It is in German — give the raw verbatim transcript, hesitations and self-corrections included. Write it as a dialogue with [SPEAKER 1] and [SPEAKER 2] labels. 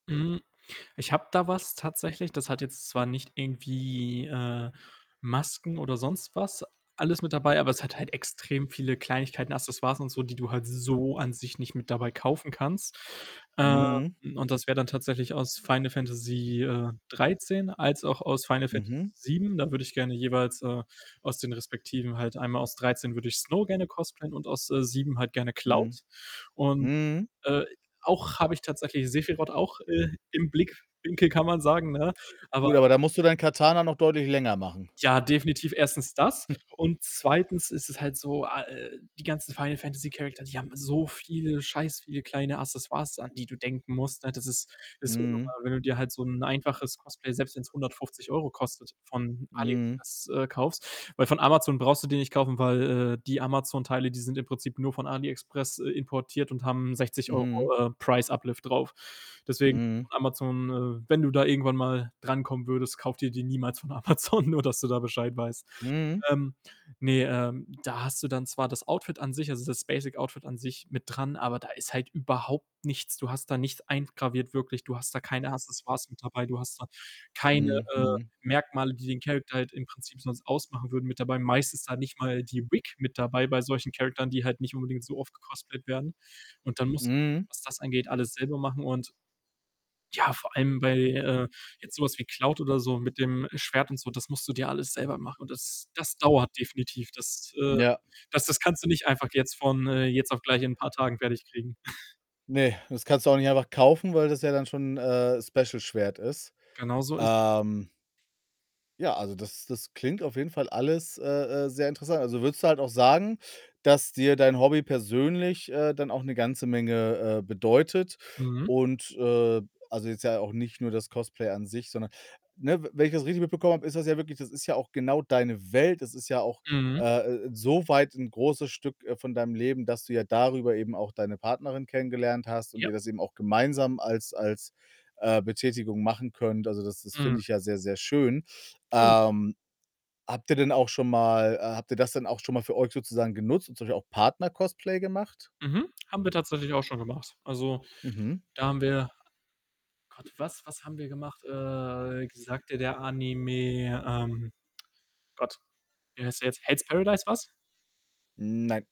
[SPEAKER 1] Hm, ich habe da was tatsächlich, das hat jetzt zwar nicht irgendwie, äh, Masken oder sonst was alles mit dabei, aber es hat halt extrem viele Kleinigkeiten, Accessoires und so, die du halt so an sich nicht mit dabei kaufen kannst. Ähm,
[SPEAKER 2] Mhm.
[SPEAKER 1] und das wär dann tatsächlich aus Final Fantasy, äh, dreizehn als auch aus Final Fantasy
[SPEAKER 2] Mhm.
[SPEAKER 1] sieben. Da würde ich gerne jeweils, äh, aus den Respektiven halt einmal aus dreizehn würde ich Snow gerne cosplayen und aus, äh, sieben halt gerne
[SPEAKER 2] Mhm.
[SPEAKER 1] Cloud und,
[SPEAKER 2] Mhm.
[SPEAKER 1] äh, auch habe ich tatsächlich Sephiroth auch, äh, im Blickwinkel, kann man sagen, ne? Aber
[SPEAKER 2] Gut, aber da musst du dein Katana noch deutlich länger machen.
[SPEAKER 1] Ja, definitiv erstens das und zweitens ist es halt so, a äh, die ganzen Final Fantasy Character, die haben so viele scheiß viele kleine Accessoires, an die du denken musst, ne, das ist das ist unnormal,
[SPEAKER 2] Mhm.
[SPEAKER 1] wenn du dir halt so 'n einfaches Cosplay, selbst wenn's hundertfünfzig Euro kostet von
[SPEAKER 2] Mhm.
[SPEAKER 1] AliExpress, äh kaufst. Weil von Amazon brauchst du die nicht kaufen, weil, äh, die Amazon-Teile, die sind im Prinzip nur von AliExpress, äh, importiert und haben sechzig Euro,
[SPEAKER 2] Mhm.
[SPEAKER 1] äh, Price Uplift drauf. Deswegen
[SPEAKER 2] Mhm.
[SPEAKER 1] von Amazon, äh wenn du da irgendwann mal drankommen würdest, kauf dir die niemals von Amazon, nur dass du da Bescheid weißt.
[SPEAKER 2] Mhm.
[SPEAKER 1] Ähm, ne, ähm, da hast du dann zwar das Outfit an sich, also, das Basic Outfit an sich mit dran, aber da ist halt überhaupt nichts. Du hast da nichts eingraviert wirklich, du hast da keine Accessoires mit dabei, du hast da keine,
[SPEAKER 2] Mhm,
[SPEAKER 1] äh,
[SPEAKER 2] mhm.
[SPEAKER 1] Merkmale, die den Character halt im Prinzip sonst ausmachen würden, mit dabei. Meist ist da nicht mal die Wig mit dabei bei solchen Characteren, die halt nicht unbedingt so oft gecosplayt werden und dann musst
[SPEAKER 2] Mhm.
[SPEAKER 1] [unintelligible] was das angeht, alles selber machen und ja, vor allem bei, äh, jetzt so was wie Cloud oder so mit dem Schwert und so, das musst du dir alles selber machen und das das dauert definitiv. Das, äh
[SPEAKER 2] Ja.
[SPEAKER 1] das das kannst du nicht einfach jetzt von, äh, jetzt auf gleich in paar Tagen fertig kriegen.
[SPEAKER 2] Ne, das kannst du auch nicht einfach kaufen, weil das ja dann schon, äh, Special-Schwert ist.
[SPEAKER 1] Genauso ist es.
[SPEAKER 2] Ähm ja, also das das klingt auf jeden Fall alles, äh äh, sehr interessa also, würdest du halt auch sagen, dass dir dein Hobby persönlich, äh, dann auch 'ne ganze Menge, äh, bedeutet
[SPEAKER 1] Mhm.
[SPEAKER 2] und, äh also, jetzt ja auch nicht nur das Cosplay an sich, sondern ne, we wenn ich das richtig mitbekommen habe, ist das ja wirklich das ist ja auch genau deine Welt, das ist ja auch,
[SPEAKER 1] Mhm.
[SPEAKER 2] äh, so weit 'n großes Stück, äh, von deinem Leben, dass du ja darüber eben auch deine Partnerin kennengelernt hast und
[SPEAKER 1] Ja.
[SPEAKER 2] ihr das eben auch gemeinsam als als, äh, Betätigung machen könnt. Also, das das
[SPEAKER 1] Mhm.
[SPEAKER 2] finde ich ja sehr, sehr schön.
[SPEAKER 1] [unintelligible]
[SPEAKER 2] Ähm, habt ihr denn auch schon mal äh, habt ihr das dann auch schon mal für euch sozusagen genutzt und zum Beispiel auch Partner-Cosplay gemacht?
[SPEAKER 1] Mhm. Haben wir tatsächlich auch schon gemacht. Also,
[SPEAKER 2] Mhm.
[SPEAKER 1] da haben wir Gott, was was haben wir gemacht? Äh, sagt, dir, der Anime, ähm Gott, wie heißt der jetzt? Hell's Paradise was?
[SPEAKER 2] Nein.